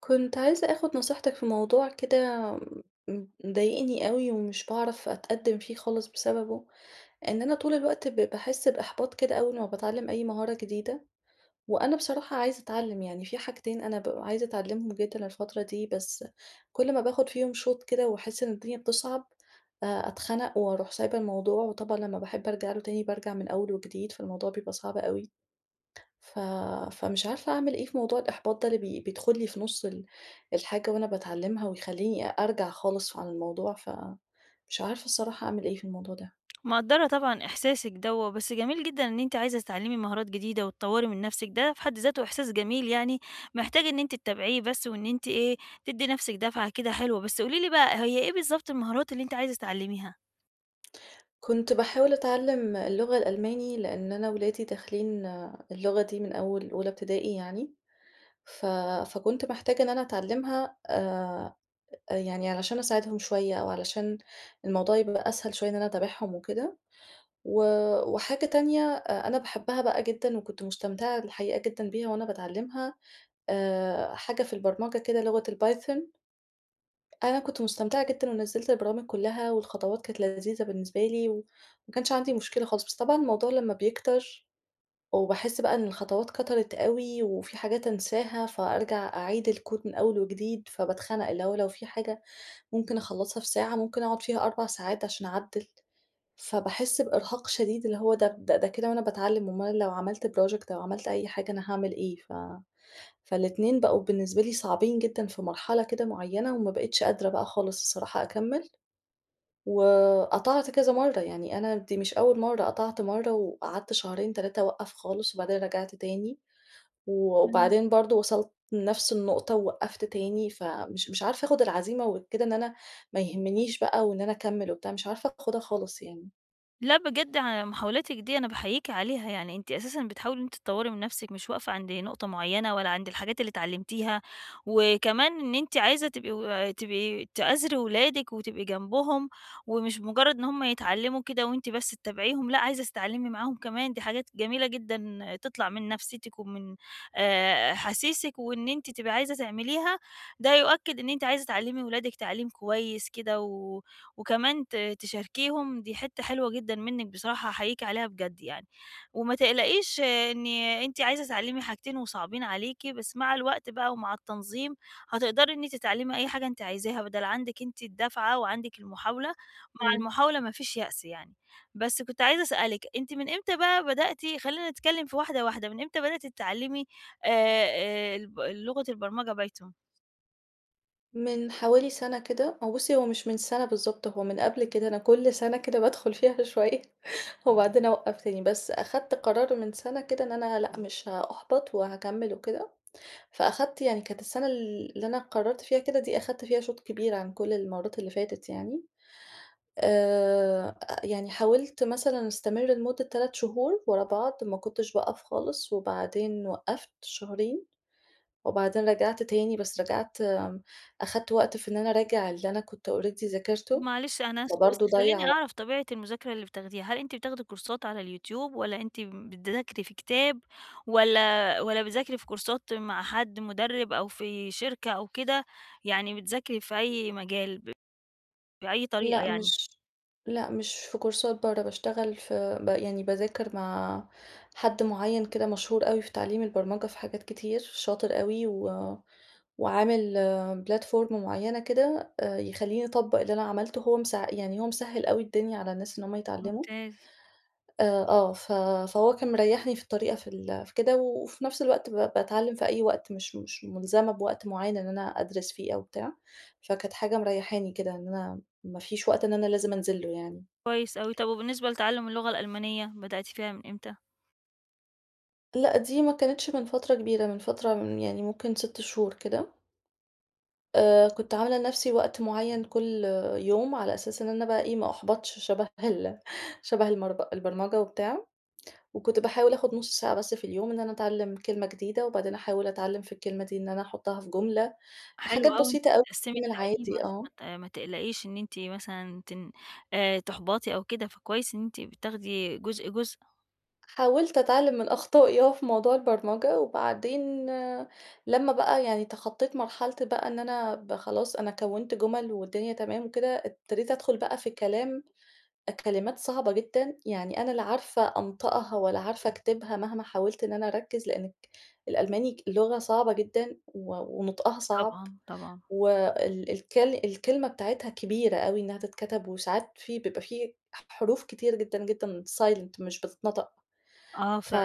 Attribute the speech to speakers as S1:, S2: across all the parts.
S1: كنت عايزة آخُد نصيحتِك في موضوع كده م مضايقني أوي ومش باعرف أتقدّم فيه خالص بسببه، إن أنا طول الوقت ب باحس بإحباط كده أول ما باتعلم أي مهارة جديدة، وأنا بصراحة عايزة أتعلّم يعني، في حاجتين أنا بابقى عايزة أتعلّمهم جدًا الفترة دي، بس كل ما باخُد فيهم شُوط كده واحس إن الدنيا بتصعب، آآ، أتخنق وأُروح سايبة الموضوع. وطبعًا لما باحب ارجع له تاني بارجع من أول وجديد، فالموضوع بيبقى صعب أوي. ف فمش عارفة أعمل إيه في موضوع الإحباط ده اللي بي بيدخل لي في نص ال الحاجة وأنا باتعلمها ويخلّيني أ أرجع خالص عن الموضوع، ف مش عارفة الصراحة أعمل إيه في الموضوع ده؟
S2: مقدّرة طبعًا إحساسِك دَوّة، بس جميل جدًا إن أنتِ عايزة تتعلّمي مهارات جديدة وتطوّري من نفسِك، ده في حد ذاته إحساس جميل يعني محتاج إن أنتِ تتابعيه بس وإن أنتِ إيه، تدّي نفسِك دفعة كده حلوة. بس قولي لي بقى، هي إيه بالضبط المهارات اللي أنتِ عايزة تتعلميها؟
S1: كنت باحاول أتعلّم اللغة الألماني، لإن أنا ولادي داخلين اللغة دي من أول أولى ابتدائي يعني، ف فكنت محتاجة إن أنا أتعلّمها آآ، أ يعني علشان أساعدهم شوية أو علشان الموضوع يبقى أسهل شوية إن أنا اتابعهم وكده. و وحاجة تانية أ أنا باحبها بقى جدًا وكنت مستمتعة الحقيقة جدًا بيها وأنا باتعلمها آآ، حاجة في البرمجة كده لغة الpython. أنا كنت مستمتعة جدًا ونَزّلت البرامج كلها والخطوات كانت لذيذة بالنسبة لي و وما كانش عندي مشكلة خالص، بس طبعًا الموضوع لما بيكتر وباحس بقى إن الخطوات كَترت أوي، وفي حاجات انساها، فأرجع أعيد الكود من أول وجديد فباتخنق، اللي هو لو في حاجة ممكن اخلصها في ساعة، ممكن أقعُد فيها 4 ساعات عشان اعدّل، فباحس بإرهاق شديد اللي هو ده ده كده وأنا باتعلّم أُمّال لو عملت project أو عملت أي حاجة أنا هاعمل إيه؟ ف فال2 بقوا بالنسبة لي صعبين جدًا في مرحلة كده معينة وما بقيتش قادرة بقى خالص الصراحة أكمل. وقطعت كذا مرّة، يعني أنا دي مش أول مرّة، قطعت مرة وقعدت شهرين، 3 اوقّف خالص وبعدين رَجعت تاني
S2: إمم.
S1: وبعدين برضو وصلت لنفس النقطة ووقّفت تاني، فمش مش عارفة آخُد العزيمة وكده إن أنا ما يهمنيش بقى وإن أنا أكمل وبتاع، مش عارفة آخُدها خالص يعني.
S2: لأ، بجد ع يعني محاولاتِك دي، أنا باحييكِ عليها. يعني أنتِ أساسًا بتحاولي إن أنتِ تطوّري من نفسِك، مش واقفة عند نقطة معيّنة ولا عند الحاجات اللي اتعلّمتيها. وكمان إن أنتِ عايزة تبقي و تبقي تآزري ولادِك، وتبقي جنبهم، ومش مُجرّد إن هم يتعلّموا كده وأنتِ بس تتابعيهم، لأ، عايزة تتعلّمي معاهم كمان، دي حاجات جميلة جدًا تطلع من نفسيتِك ومن آآ أحاسيسِك وإن أنتِ تبقي عايزة تعمليها، ده يؤكد إن أنتِ عايزة تعلّمي ولادِك تعليم كويس كده، و وكمان ت تشاركيهم دي حتّة حلوة جدًا منِّك بصراحة أحييكِ عليها بجد يعني. وما تقلقيش إن أنتِ عايزة تتعلّمي حاجتين وصعبين عليكِ، بس مع الوقت بقى ومع التنظيم، هتقدري إن أنتِ تتعلّمي أي حاجة أنتِ عايزاها، بدل عندِك أنتِ الدَّفعة وعندِك المحاولة، مع
S1: إمم.
S2: المحاولة ما فيش يأس يعني. بس كُنت عايزة أسأل لِك، أنتِ من إمتى بقى بدأتِ خلّينا نتكلّم في واحدة، واحدة، من إمتى بدأتِ تتعلّمي آآ، آآ الب اللغة البرمجة python؟
S1: من حوالي سنة كده، هو بُصّي، هو مش من سَنة بالضبط، هو من قبل كده أنا كل سنة كده بادخل فيها شوية، وبعدين أوقّف تاني. بس أخدت قرار من سَنة كده، إن أنا لأ مش هأُحبط وهاكمّل وكده. فأخدت يعني كانت السَنة ال اللي أنا قررت فيها كده دي، أخدت فيها شوط كبير عن كل المرّات اللي فاتت يعني. آآ، يعني حاولت مثلًا أستمر لمدة 3 شهور ورا بعض، ما كنتش باقف خالص، وبعدين وقّفت شهرين، وبعدين رجعت تاني، بس رجعت امم، أخدت وقت في إن أنا أراجع اللي أنا كنت already
S2: طب
S1: ذاكرته.
S2: معلش أنا آسفه، بس
S1: فبرضه ضيّع
S2: خلّيني
S1: وق
S2: أعرف طبيعة المذاكرة اللي بتاخديها، هل أنتِ بتاخدي كورسات على اليوتيوب، والّا أنتِ بتذاكري في كتاب، والّا والّا بتذاكري في كورسات مع حد مُدرِّب، أو في شركة أو كده، يعني بتذاكري في أي مجال ب بأي طريقة
S1: لأ،
S2: يعني؟
S1: مش لأ، مش في كورسات برّه، باشتغل في ب يعني باذاكر مع حد معيّن كده مشهور أوي في تعليم البرمجة في حاجات كتير، شاطر أوي، و وعامل platform معيّنة كده، آآ، يخلّيني أطبّق اللي أنا عملته، وهو مس يعني هو مسهّل أوي الدنيا على الناس، إن هم يتعلّموا.
S2: ممتاز.
S1: آآ، آه، ف فهو كان مريّحني في الطريقة في ال في كده، وفي نفس الوقت ب باتعلّم في أي وقت مش مش مُلزمة بوقت معيّن إن أنا أدرس فيه أو بتاع. فكانت حاجة مريّحاني كده، إن أنا ما فيش وقت إن أنا لازم أنزل له يعني.
S2: كويس أوي. طب وبالنسبة لتعلُّم اللغة الألمانية، بدأتِ فيها من إمتى؟
S1: لأ، دي ما كانتش من فترة كبيرة، من فترة من يعني ممكن 6 شهور كده. آآ، كنت عاملة لنفسي وقت معيّن كل يوم، على أساس إن أنا بقى ما أُحبَطش شبه ال شبه المرض البرمجة وبتاع وكنت باحاول آخُد نص ساعة بس في اليوم إن أنا اتعلّم كلمة جديدة، وبعدين احاول اتعلّم في الكلمة دي إن أنا أحطّها في جملة،
S2: حلو
S1: حاجات
S2: أوي، إنك
S1: بسيطة أو
S2: بتقسّمي
S1: يومي
S2: التعلّيم،
S1: العادي،
S2: عشان ما
S1: آه.
S2: ت ما تقلقيش إن أنتِ مثلًا تن آآ، تُحبَطي أو كده فكويس إن أنتِ بتاخدي جزء، جزء.
S1: حاولت اتعلّم من أخطائي آه، في موضوع البرمجة، وبعدين لمّا بقى يعني تخطّيت مرحلتي بقى إن أنا ب خلاص أنا كونت جُمل والدنيا تمام وكده، ابتديت ادخل بقى في الكلام أ كلمات صعبة جدًا، يعني أنا لا عارفة أنطقها والّا عارفة اكتبها مهما حاولت إن أنا أركّز، لإنك الألماني لغة صعبة جدًا و ونُطقها
S2: أ
S1: صعب،
S2: طبعًا، طبعًا.
S1: وال الكل الكلمة بتاعتها كبيرة أوي إنّها تتكتب وساعات في بيبقى فيه حح حروف كتير جدًا، جدًا silent مش بتتنطق.
S2: آه،
S1: ف
S2: فعلًا،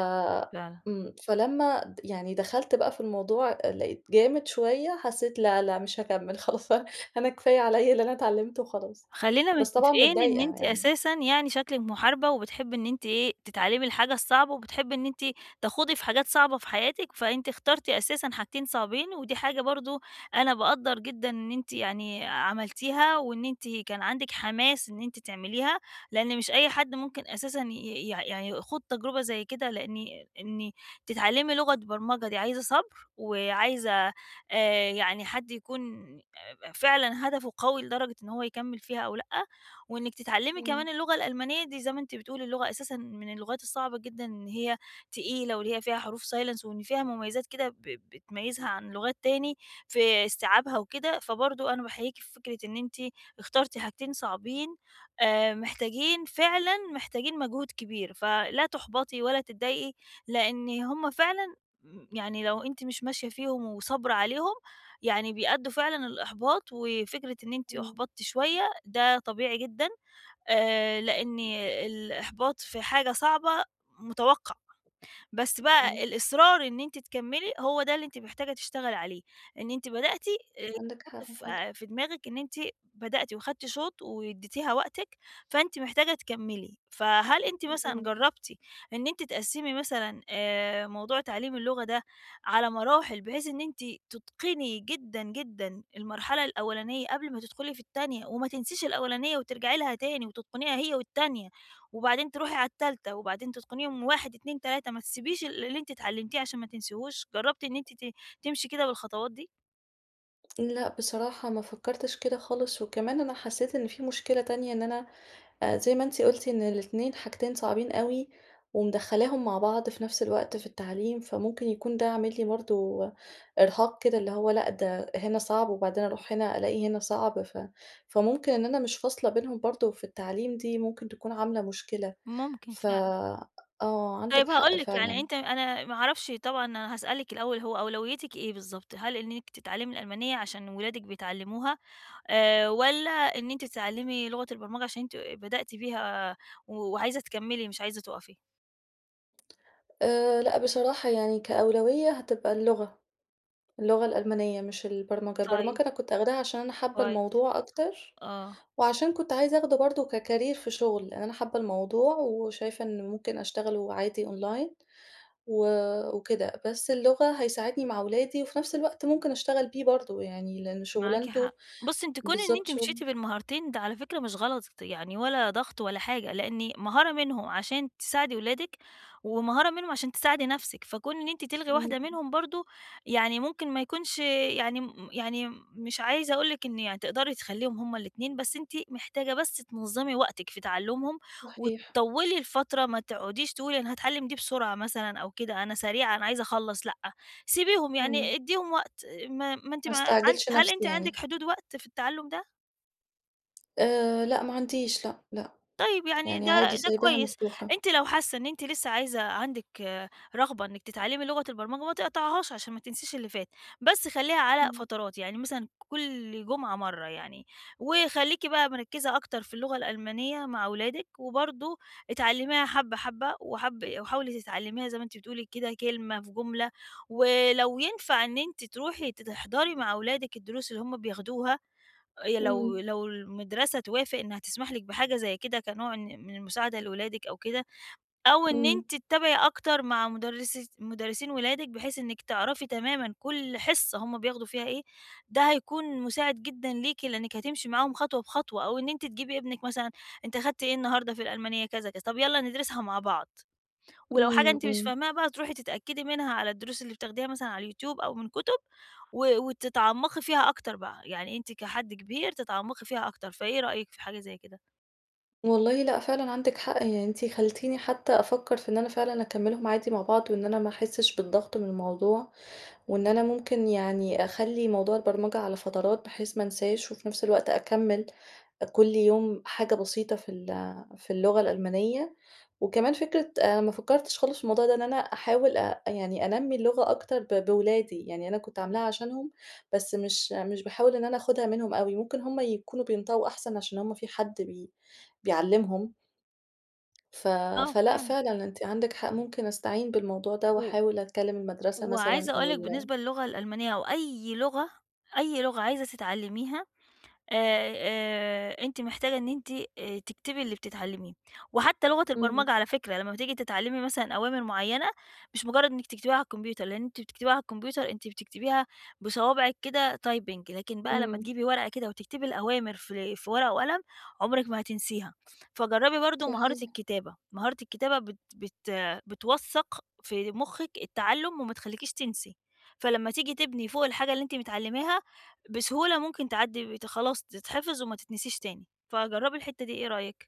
S2: فعلًا.
S1: إمم، فلما د يعني دخلت بقى في الموضوع أ لقيت جامد شويّة، حسّيت لأ، لأ، مش هاكمل خلاص، ف أنا كفاية عليَّ اللي أنا اتعلمته وخلاص،
S2: خلّينا
S1: بس طبعًا
S2: متفقين إن
S1: متضايقة
S2: أنتِ
S1: يعني.
S2: أساسًا يعني شكلِك محاربة، وبتحبي إن أنتِ إيه، تتعلّمي الحاجة الصعبة وبتحبي إن أنتِ تَخوضي في حاجات صعبة في حياتِك، فأنتِ اخترتِ أساسًا حاجتين صعبين، ودي حاجة برضه أنا باقدّر جدًا إن أنتِ يعني عملتيها وإن أنتِ كان عندِك حماس إن أنتِ تعمليها، لإن مش أي حد ممكن أساسًا ي ي يع يع يخوض تجربة زي كده، لإني إني تتعلّمي لغة برمجة دي عايزة صبر وعايزة آآ، يعني حد يكون أب فعلًا هدفه قوي لدرجة إن هو يكمّل فيها أو لأ، وإنِّك تتعلّمي
S1: إمم.
S2: كمان اللغة الألمانية دي- زي ما أنتِ بتقولي- اللغة أساسًا من اللغات الصعبة جدًا إن هي تقيلة، واللي هي فيها حروف silence وإن فيها مميزات كده ب بتميّزها عن لغات تاني في إستيعابها وكده، فبرضو أنا باحييكِ في فكرة إن أنتِ اخترتِ حاجتين صعبين، آآ، محتاجين فعلًا محتاجين مجهود كبير. فلا تُحبَطي ولا تضايقي لإن هم فعلًا يعني لو أنتِ مش ماشية فيهم وصابرة عليهم يعني بيأدّوا فعلًا للإحباط، وفكرة إن أنتِ
S1: إمم.
S2: أُحبَطتِ شوية ده طبيعي جدًا، آآ، لإن الإحباط في حاجة صعبة، متوقع. بس بقى
S1: إمم.
S2: الإصرار إن أنتِ تكمِلي، هو ده اللي أنتِ محتاجة تشتغلي عليه، إن أنتِ بدأتِ اللي
S1: عندِك
S2: يتحط
S1: حق،
S2: ف
S1: حل
S2: في دماغك إن أنتِ بدأتي واخدنتِ شُوط واديتيها وقتِك، فأنتِ محتاجة تكمِلي. فهل أنتِ مثلًا
S1: إمم.
S2: جرّبتِ إن أنتِ تقسّمي مثلًا آآ، موضوع تعلّيم اللغة ده على مراحِل بحيث إن أنتِ تُتقني جدًا، جدًا المرحلة الأولانية قبل ما تدخُلي في التانية، وما تنسيش الأولانية وترجعي لها تاني وتتقنيها هي والتانية، وبعدين تروحي على التالتة، وبعدين تتقنيهم 1، 2، 3، ما تسيبيش ال اللي أنتِ اتعلمتيه عشان ما تنسيهوش، جرّبتِ إن أنتِ ت تمشي كده بالخطوات دي؟
S1: لأ، بصراحة ما فكّرتش كده خالص، وكمان أنا حسّيت إن في مشكلة تانية إن أنا آآ، زي ما أنتِ قُلتِ إن الاتنين حاجتين صعبين أوي، ومدخّلاهم مع بعض في نفس الوقت في التعليم، فممكن يكون ده عامل لي برضو إرهاق كده، اللي هو لأ ده هنا صعب وبعدين أروح هنا ألاقي هنا صعب ف فممكن إن أنا مش فاصلة بينهم برضو في التعليم دي ممكن تكون عاملة مشكلة،
S2: ممكن
S1: ف
S2: فعلًا.
S1: آه عندِك
S2: طيب
S1: حق
S2: هاقول لِك، يعني
S1: فعلًا.
S2: أنتِ أنا ما اعرفش طبعًا أنا هاسألِك الأول، هو أولويّتِك إيه بالضبط؟ هل إنِّك تتعلمي الألمانية عشان اولادِك بيتعلموها آآ، والّا إن أنتِ تتعلّمي لغة البرمجة عشان أنتِ بدأتِ فيها و وعايزة تكمّلي مش عايزة تُقَفي؟
S1: آآ، لأ بصراحة يعني كأولويّة هتبقى اللغة. اللغة الألمانية مش البرمجة،
S2: طيب.
S1: البرمجة أنا كنت آخداها عشان أنا حابة
S2: كويس،
S1: الموضوع أكتر،
S2: آه.
S1: وعشان كنت عايزة أخده برضو ككرير في شغل لأن أنا حابة الموضوع وشايفة إنه ممكن أشتغل وعادي أونلاين و وكده بس اللغة هيساعدني مع أولادي، وفي نفس الوقت ممكن اشتغل بيه برضو يعني، لإن
S2: معاكِ
S1: شُغلانته
S2: حق، بُصّي أنتِ كون إن
S1: بالضبط
S2: أنتِ
S1: شغل
S2: مشيتِ بالمهارتين ده على فكرة مش غلط، يعني ولا ضغط ولا حاجة، لإن مهارة منهم عشان تساعدي اولادِك ومهارة منهم عشان تساعدي نفسِك، فكون إن أنتِ تلغي واحدة
S1: إمم.
S2: منهم برضو يعني ممكن ما يكونش يعني م يعني م مش عايزة اقول لِك إن يعني تقدري تخلّيهم هُم ال2 بس أنتِ محتاجة بس تنظّمي وقتِك في تَعلُّمهم،
S1: صحيح.
S2: وتطوّلي الفترة ما تقعديش تقولي أنا هاتعلم دي بسرعة مثلًا أو كده أنا سريعة أنا عايزة اخلّص، لأ، سيبيهم
S1: إمم.
S2: يعني أدّيهم وقت ما ما أنتِ
S1: ما
S2: ما عند
S1: استعجلش
S2: هل
S1: نفسي
S2: أنتِ عندِك
S1: يعني.
S2: حدود وقت في التَعلّم ده؟
S1: آآ، لأ ما عنديش، لأ، لأ.
S2: طيب، يعني
S1: يعني
S2: ده
S1: عادي
S2: ده
S1: سايباها
S2: كويس،
S1: مفتوحة.
S2: أنتِ لو حاسّة إن أنتِ لسّه عايزة عندِك رغبة إنِّك تتعلّمي لغة البرمجة، ما تقطعيهاش عشان ما تنسيش اللي فات، بس خلّيها على
S1: إمم.
S2: فترات، يعني مثلًا كل جمعة مرّة يعني. وخلّيكِ بقى مركّزة أكتر في اللغة الألمانية مع ولادِك، وبرضه اتعلّميها حَبّة، حَبّة وحَاب وحاولي تتعلّميها زي ما أنتِ بتقولي كده كلمة في جُملة، ولو ينفع إن أنتِ تروحي ت تحضري مع ولادِك الدروس اللي هم بياخدوها، آآ يا لو
S1: إمم.
S2: لو المدرسة توافق إنّها تسمح لِك بحاجة زي كده كنوع إن من المساعدة لولادِك أو كده أو إن
S1: إمم.
S2: أنتِ تتابعي أكتر مع مُدرسي مُدرسين ولادِك بحيث إنّك تعرفي تمامًا كل حِصّة هم بياخدوا فيها إيه، ده هيكون مُساعد جدًا ليكِ، لإنّك هتمشي معاهم خطوة بخطوة. أو إن أنتِ تجيبي إبنِك مثلًا، أنت أخدت إيه النهاردة في الألمانية؟ كذا، كذا، طب يالّا ندرسها مع بعض ولو حاجة
S1: إمم،
S2: أنتِ مش
S1: إمم.
S2: فاهماها بقى، تروحي تتأكدي منها على الدروس اللي بتاخديها مثلًا على اليوتيوب أو من كُتب، و وتتعمّقي فيها أكتر بقى، يعني أنتِ كحد كبير تتعمّقي فيها أكتر. فإيه رأيِك في حاجة زي كده؟
S1: والله لأ، فعلًا عندِك حق. يعني أنتِ خلّتيني حتى أفكّر، في إن أنا فعلًا أكملّهم عادي مع بعض وإن أنا ما أحسّش بالضغط من الموضوع، وإن أنا ممكن يعني أخلّي موضوع البرمجة على فترات، بحيث ما أنساش وفي نفس الوقت أكمِّل كل يوم حاجة بسيطة في ال في اللغة الألمانية. وكمان فكرة آآ، ما فكّرتش خالص في الموضوع ده، إن أنا أحاول أ يعني أنَمّي اللغة أكتر ب بولادِي، يعني أنا كنت عاملاها عشانهم، بس مش مش باحاول إن أنا آخدها منهم أوي، ممكن هم يكونوا بينطقوا أحسن، عشان هم في حد بي بيعلّمهم. ف
S2: آه،
S1: فلأ،
S2: فعلًا.
S1: فعلًا، أنتِ عندِك حق، ممكن أستعين بالموضوع ده،
S2: و
S1: واحاول أتكلّم المدرسة مثلًا
S2: وعايزة أقول
S1: أو
S2: لِك
S1: ال
S2: بالنسبة للغة الألمانية أو أي لغة أي لغة عايزة تتعلّميها آآ، آآ أنتِ محتاجة إن أنتِ، آآ تكتبي اللي بتتعلّميه. وحتّى لغة
S1: إمم.
S2: البرمجة على فكرة، يعني لمّا بتيجي تتعلّمي مثلًا أوامر معيّنة، مش مُجرّد إنِّك تكتبيها على الكمبيوتر، لإن أنتِ بتكتبيها على الكمبيوتر أنتِ بتكتبيها بصوابعِك كده typing، لكن بقى لمّا
S1: إمم.
S2: تجيبي ورقة كده وتكتبي الأوامر في في ورقة وقلم، عُمرِك ما هتنسيها. فجَرّبي برضه مهارة
S1: صحيح.
S2: الكتابة، مهارة الكتابة بت بت بتوَثّق في مُخِّك التّعلُّم وما تخلّيكيش تنسي، فلمّا تيجي تبني فوق الحاجة اللي أنت متعلّماها، بسهولة ممكن تعدّي بت خلاص تتحفظ وما تتنسيش تاني. فجرّبي الحتة دي، إيه رأيِِك؟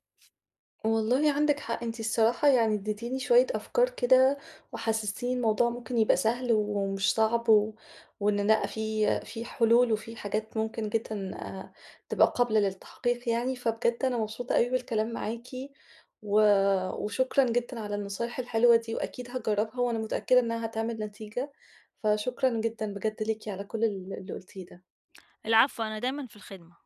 S1: والله عندِك حق. أنتِ الصراحة يعني ادّيتيني شوية أفكار كده، وحسّستيني الموضوع ممكن يبقى سهل و ومش صعب و وإن لأ في في حلول وفي الحاجات ممكن جدًا آآ، تبقى قابلة للتحقيق يعني. فبجد أنا مبسوطة أوي بالكلام معاكِ و وشكرا جدًا على النصايح الحلوة دي وأكيد هاجرّبها، وأنا متأكدة إنّها هتعمل نتيجة. فشكرًا جدًا بجد ليكِ على كل ال اللي قُلتيه ده.
S2: العفو، أنا دايمًا في الخِدمة.